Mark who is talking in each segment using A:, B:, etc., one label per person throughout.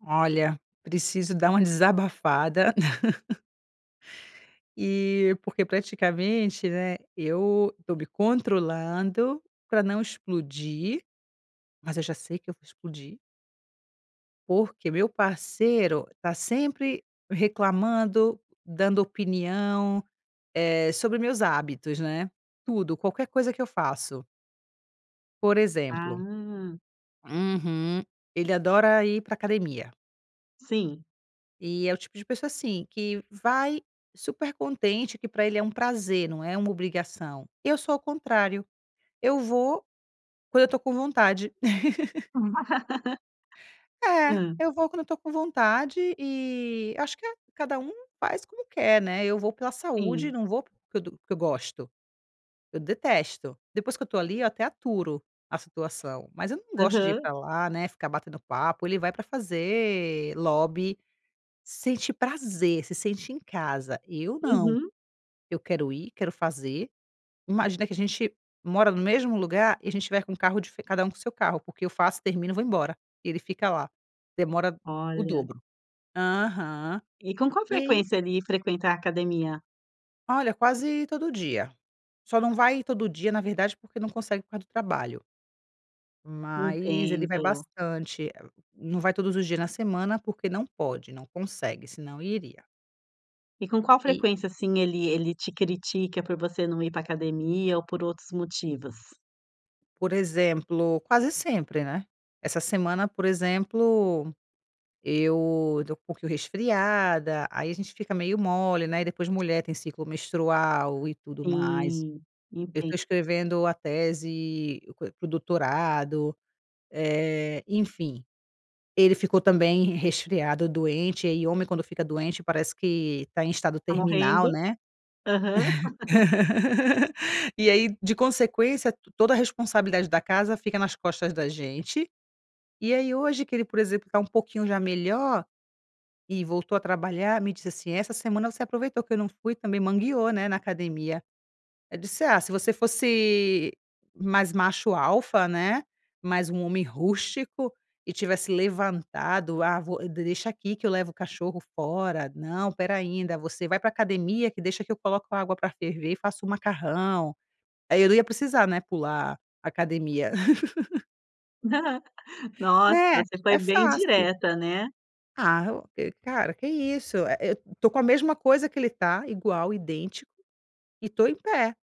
A: Olha, preciso dar uma desabafada. E porque praticamente, né, eu estou me controlando para não explodir. Mas eu já sei que eu vou explodir. Porque meu parceiro tá sempre reclamando, dando opinião, eh, sobre meus hábitos, né. Tudo, qualquer coisa que eu faço. Por exemplo
B: Ah.
A: Uhum. Ele adora ir para a academia.
B: Sim.
A: E é o tipo de pessoa, assim, que vai super contente, que para ele é um prazer, não é uma obrigação. Eu sou ao contrário. Eu vou quando eu tô com vontade. É,
B: Hã.
A: eu vou quando eu estou com vontade e acho que cada um faz como quer, né? Eu vou pela saúde
B: Sim.
A: e não vou porque eu to porque eu gosto. Eu detesto. Depois que eu estou ali, eu até aturo a situação, mas eu não gosto de ir
B: Aham.
A: para lá, né, ficar batendo papo. Ele vai para fazer lobby, sente prazer, se sente em casa. Eu não,
B: Uhum.
A: eu quero ir, quero fazer Imagina que a gente mora no mesmo lugar e a gente vai com o carro de cada um com seu carro, porque eu faço, termino, vou embora e ele fica lá. Demora o
B: Olha.
A: dobro. Aham.
B: E com qual
A: E aí
B: frequência ele frequenta a academia?
A: Olha, quase todo dia, só não vai todo dia, na verdade, porque não consegue por causa do trabalho. Mas ele vai
B: Entendo.
A: bastante. Ah, não vai todos os dias na semana, porque não pode, não consegue, senão iria.
B: E com qual
A: E
B: frequência, assim, ele ele te critica por você não ir pra academia, ou por outros motivos?
A: Por exemplo, quase sempre, né. Essa semana, por exemplo, eu eu tô um pouquinho resfriada, aí a gente fica meio mole, né, e depois a mulher tem ciclo menstrual e tudo o mais.
B: Sim,
A: Eu
B: entendo.
A: tô escrevendo a tese co para o doutorado, eh, enfim, ele ficou também resfriado, doente, e homem, quando fica doente, parece que tá em estado
B: Tá
A: terminal,
B: morrendo.
A: né.
B: Aham.
A: E aí, de consequência, t toda a responsabilidade da casa fica nas costas da gente. E aí hoje que ele, por exemplo, tá um pouquinho já melhor, e voltou a trabalhar, me disse assim: "Essa semana você aproveitou que eu não fui também mangueou, né, na academia." Eu disse: "Ah, se você fosse mais macho alfa, né, mais um homem rústico e tivesse levantado. Ah, vou deixa aqui que eu levo o cachorro fora, não, espera ai, da você vai pra academia que deixa que eu coloco a água para ferver e faço o macarrão. Aí eu não ia precisar, né, pular academia."
B: Nossa,
A: Né,
B: você foi
A: é
B: bem
A: fácil.
B: direta, né.
A: ah, cara, que isso, eh, eu tô com a mesma coisa que ele tá, igual, idêntico e tô em pé,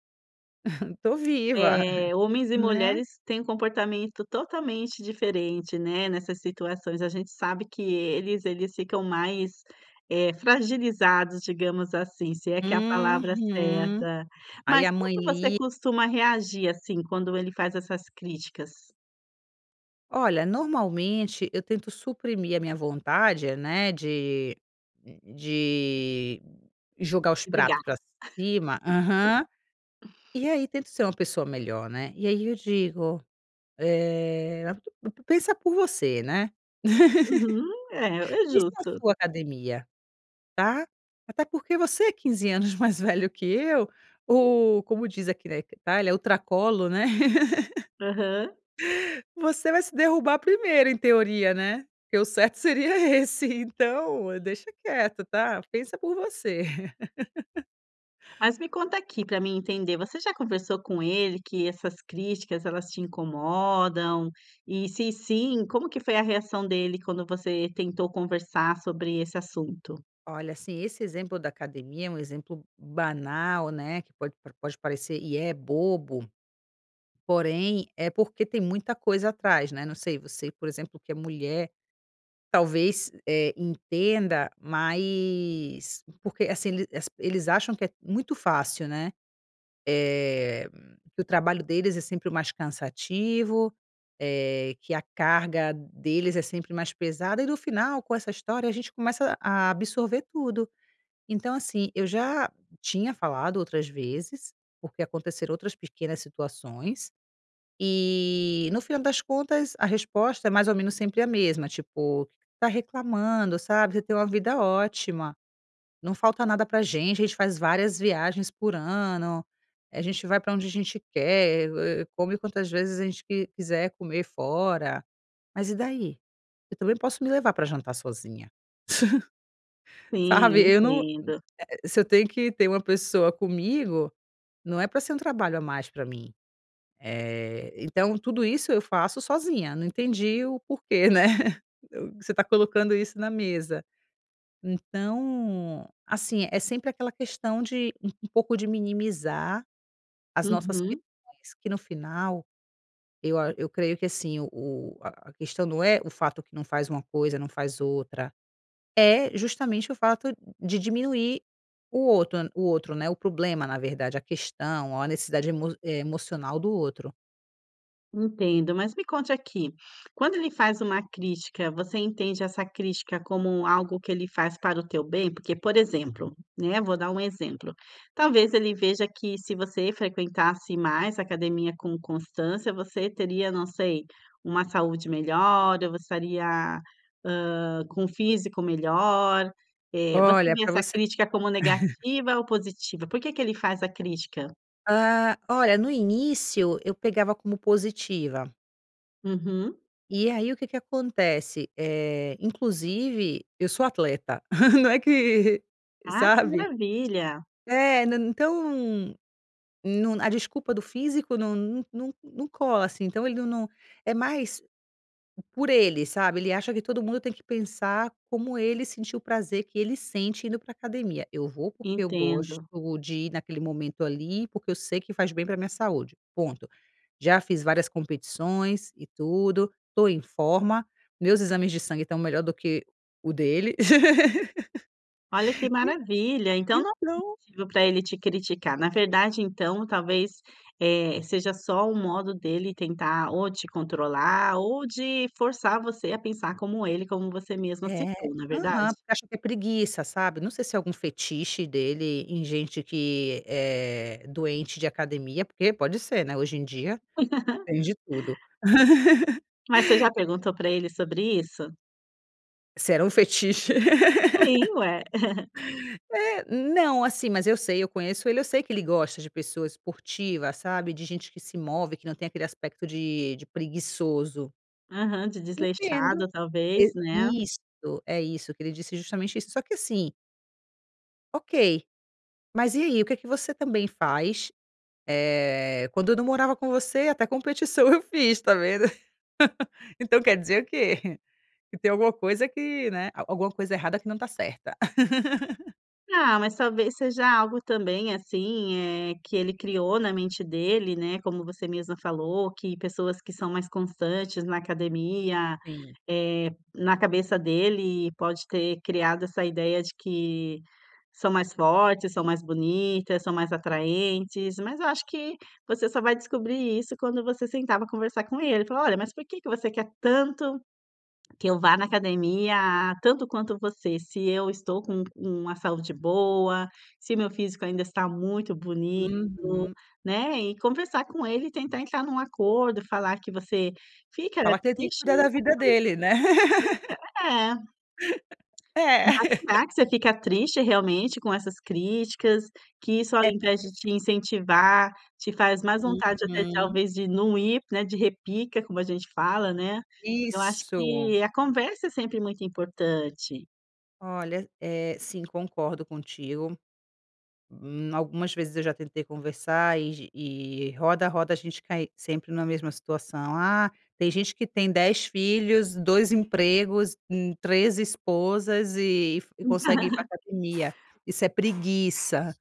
A: tô viva,
B: Eh, homens e
A: né.
B: mulheres têm um comportamento totalmente diferente, né, nessas situações, a gente sabe que eles eles ficam mais é fragilizados, digamos assim, se é que é a palavra
A: Uhum,
B: certa,
A: aí
B: mas
A: a
B: como
A: mãe
B: que você
A: li
B: costuma reagir assim, quando ele faz essas críticas?
A: Olha, normalmente eu tento suprimir a minha vontade, né, de de jogar os
B: De
A: pratos
B: brigar.
A: pra cima aham, e aí tento ser uma pessoa melhor, né, e aí eu digo, "eh, pe pensa por você, né,
B: Uhum, é, é
A: pensa na
B: justo.
A: sua academia, tá, até porque você é 15 anos mais velho que eu ou como diz aqui na Itália, o ultracolo, né,
B: Aham.
A: você vai se derrubar primeiro, em teoria, né, que o certo seria esse, então deixa quieto tá, pensa por você.".
B: Mas me conta aqui, pra mim entender, você já conversou com ele que essas críticas, elas te incomodam e se sim, como que foi a reação dele quando você tentou conversar sobre esse assunto?
A: Olha, assim, esse exemplo da academia é um exemplo banal, né, que pode pode parecer e é bobo, porém, é porque tem muita coisa atrás, né, não sei você, por exemplo, que é mulher, talvez, eh, entenda, mas porque, assim ele as eles acham que é muito fácil, né, eh, que o trabalho deles é sempre o mais cansativo, eh, que a carga deles é sempre mais pesada e no final, com essa história, a gente começa a absorver tudo, então assim, eu já tinha falado outras vezes. Porque aconteceram outras pequenas situações, e no final das contas, a resposta é mais ou menos sempre a mesma, tipo, "tá reclamando, sabe, você tem uma vida ótima, não falta nada pra a gente, a gente faz várias viagens por ano, a gente vai pra onde a gente quer, eh, come quantas vezes a gente qu quiser comer fora, mas e daí? Eu também posso me levar pra jantar sozinha,
B: Sim,
A: sabe, eu
B: eu
A: não,
B: entendo.
A: é, você tem que ter uma pessoa comigo, não é pra ser um trabalho a mais pra mim, eh, então, tudo isso eu faço sozinha, não entendi o porquê, né, você tá colocando isso na mesa". Então, assim é sempre aquela questão de um um pouco de minimizar as nossas
B: Uhum.
A: questões, que no final eu a eu creio que assim o o a a questão não é o fato que não faz uma coisa, não faz outra, é justamente o fato de de diminuir o outro o outro, né, o problema, na verdade, a questão ou a necessidade emo emocional do outro.
B: Entendo, mas me conte aqui; Quando ele faz uma crítica, você entende essa crítica como algo que ele faz para o teu bem? Porque, por exemplo, né, vou dar um exemplo. Talvez ele veja que se você frequentasse mais a academia com constância, você teria, não sei, uma saúde melhor. Ou você estaria, ah, com o físico melhor. Eh, você
A: Olha
B: vê
A: para
B: essa
A: você
B: crítica como negativa ou positiva? Por que que ele faz a crítica?
A: Ah, olha, no início eu pegava como positiva.
B: Uhum.
A: E aí, o que que acontece. Eh, inclusive eu sou atleta, não é que
B: Ah, que
A: sabe.
B: maravilha!
A: É não, então não a desculpa do físico não não não não cola assim. Então ele não não é mais por ele, sabe. Ele acha que todo mundo tem que pensar como ele sentiu, o prazer que ele sente indo para a academia. Eu vou porque eu gosto
B: Entendo.
A: de ir naquele momento ali, porque eu sei que faz bem para a minha saúde, ponto. Já fiz várias competições e tudo, estou em forma. Meus exames de sangue estão melhor do que o dele.
B: Olha que maravilha,
A: E
B: então não é
A: então
B: motivo para ele te criticar. Na verdade, então talvez, eh, seja só o modo dele tentar ou te controlar ou de forçar você a pensar como ele, como você mesma
A: É,
B: citou na verdade.
A: aham, porque acha que é preguiça, sabe. Não sei se é algum fetiche dele em gente que é doente de academia, porque pode ser, né. Hoje em dia tem de tudo.
B: Mas você já perguntou pra ele sobre isso?
A: Se era um fetiche.
B: Sim, ué.
A: É, não, assim, mas eu sei, eu conheço ele, eu sei que ele gosta de pessoa esportiva, sabe, de gente que se move, que não tem aquele aspecto de de preguiçoso.
B: Aham, de
A: Entendo,
B: desleixado, talvez,
A: e,
B: né.
A: isso, é isso, que ele disse é justamente isso, só que assim Ok. Mas e aí: "O que que você também faz, eh, quando eu não morava com você, até competição eu fiz, tá vendo?" Então quer dizer o quê? Que tem alguma coisa que, né, al alguma coisa errada que não tá certa.
B: Ah, mas talvez seja algo também, assim, eh, que ele criou na mente dele, né, como você mesma falou, que pessoas que são mais constantes na academia,
A: Sim.
B: eh, na cabeça dele e pode ter criado essa ideia de que são mais fortes, são mais bonitas, são mais atraentes, mas eu acho que você só vai descobrir isso quando você sentar pra conversar com ele e falar: "Olha, mas por que que você quer tanto, que eu vá na academia a tanto quanto você. Se eu estou com u uma saúde boa, se o meu físico ainda está muito bonito",
A: Uhum.
B: né, e conversar com ele e tentar entrar num acordo, falar que você fica
A: Falar que ele que tem que
B: triste,
A: cuidar
B: né,
A: da vida
B: quando ele
A: dele, né.
B: faz essas críticas. É.
A: É!
B: Mas falar que você fica triste realmente com essas críticas, que isso ao
A: É
B: invés
A: porque
B: de te
A: se
B: incentivar, te faz mais vontade até,
A: uhum.
B: talvez, de não ir, né, de repica, como a gente fala, né. Eu acho
A: Isso.
B: que a conversa é sempre muito importante.
A: Olha, eh, sim, concordo contigo. Hum, algumas vezes eu já tentei conversar e e roda, roda e a gente cai sempre na mesma situação. "Ah, tem gente que tem 10 filhos, 2 empregos, hum, 3 esposas e e
B: Hum.
A: consegue ir pra academia. Isso é preguiça."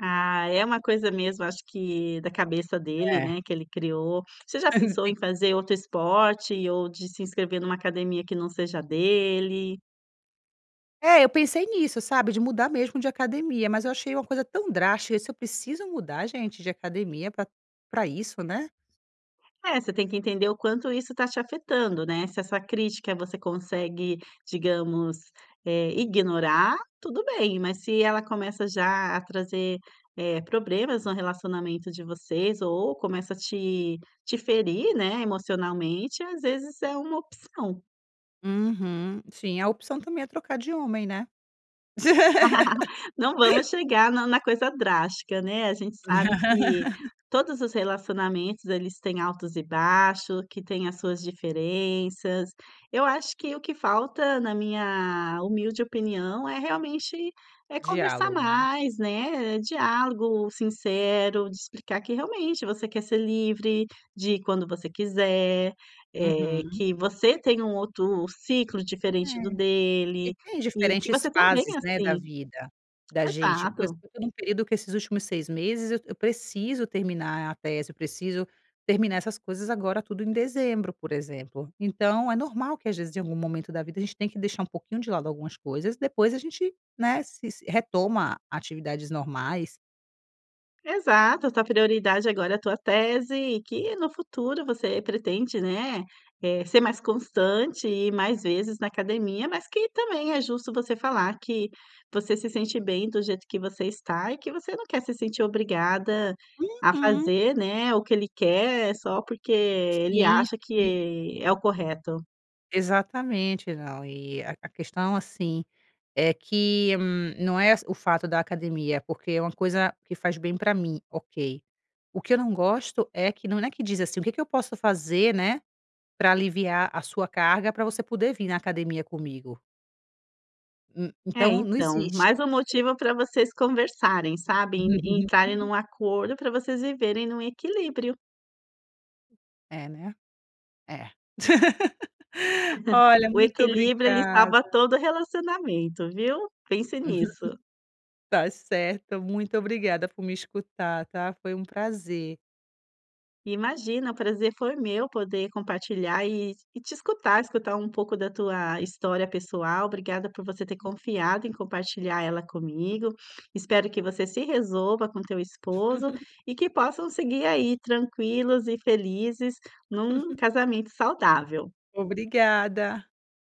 B: Ah, é uma coisa mesmo acho que da cabeça dele,
A: É.
B: né, que ele criou. Você já pensou em
A: Sim.
B: fazer outro esporte ou de se inscrever numa academia que não seja a dele?
A: É, eu pensei nisso, sabe, de mudar mesmo de academia. Mas eu achei uma coisa tão drástica: "Se eu preciso mudar, gente, de academia pra pra isso", né?
B: É, você tem que entender o quanto isso está te afetando, né? Se essa crítica você consegue, digamos, eh, ignorar, tudo bem. Mas se ela começa já a trazer, eh, problemas no relacionamento de vocês ou começa a te-te ferir, né, emocionalmente, às vezes é uma opção.
A: Uhum, sim, a opção também é trocar de homem, né?
B: Não vamos chegar na na coisa drástica, né? A gente sabe que todos os relacionamentos, eles têm altos e baixos, que têm as suas diferenças. Eu acho que o que falta, na minha humilde opinião é realmente é conversar
A: Diálogo, né?
B: mais, né, eh, diálogo sincero de explicar que realmente você quer ser livre de ir quando você quiser, eh,
A: Uhum.
B: que você tem um outro ciclo diferente do
A: É, e
B: dele
A: tem
B: e que
A: diferentes
B: você tá bem
A: fases, né, da
B: assim.
A: vida da gente, por
B: Exato.
A: exemplo, eu tô num período que esses últimos 6 meses eu eu preciso terminar a tese, eu preciso terminar essas coisas, agora tudo em dezembro, por exemplo. Então é normal que, às vezes, em algum momento da vida, a gente tem que deixar um pouquinho de lado algumas coisas, depois a gente, né, se retoma atividades normais.
B: Exato, a tua prioridade agora é a tua tese, e que no futuro você pretende, né, eh, ser mais constante e mais vezes na academia, mas que também é justo você falar que você se sente bem do jeito que você está, e que você não quer se sentir obrigada a
A: Uhum.
B: fazer, né. O que ele quer só porque ele
A: Sim,
B: acha
A: sim.
B: que é o correto.
A: Exatamente, não e a a questão, assim, é que não é as o fato da academia, porque é uma coisa que faz bem para mim, ok. O que eu não gosto é que não não é que diz assim: "O que que eu posso fazer, né, pra aliviar a sua carga pra você poder vir na academia comigo?" Hum,
B: É,
A: então não
B: então,
A: existe
B: mas um
A: isso.
B: motivo para vocês conversarem, sabe, e entrarem num acordo para vocês viverem num equilíbrio.
A: É, né. É, Olha,
B: O
A: muito
B: equilíbrio. Ele
A: obrigada.
B: salva todo relacionamento, viu, pense nisso.
A: Tá certo. Muito obrigada por me escutar, tá, foi um prazer.
B: Imagina, o prazer foi meu poder compartilhar e e te escutar, escutar um pouco da tua história pessoal. Obrigada por você ter confiado em compartilhar ela comigo. Espero que você se resolva com o teu esposo, e que possam seguir aí tranquilos e felizes num casamento saudável.
A: Obrigada.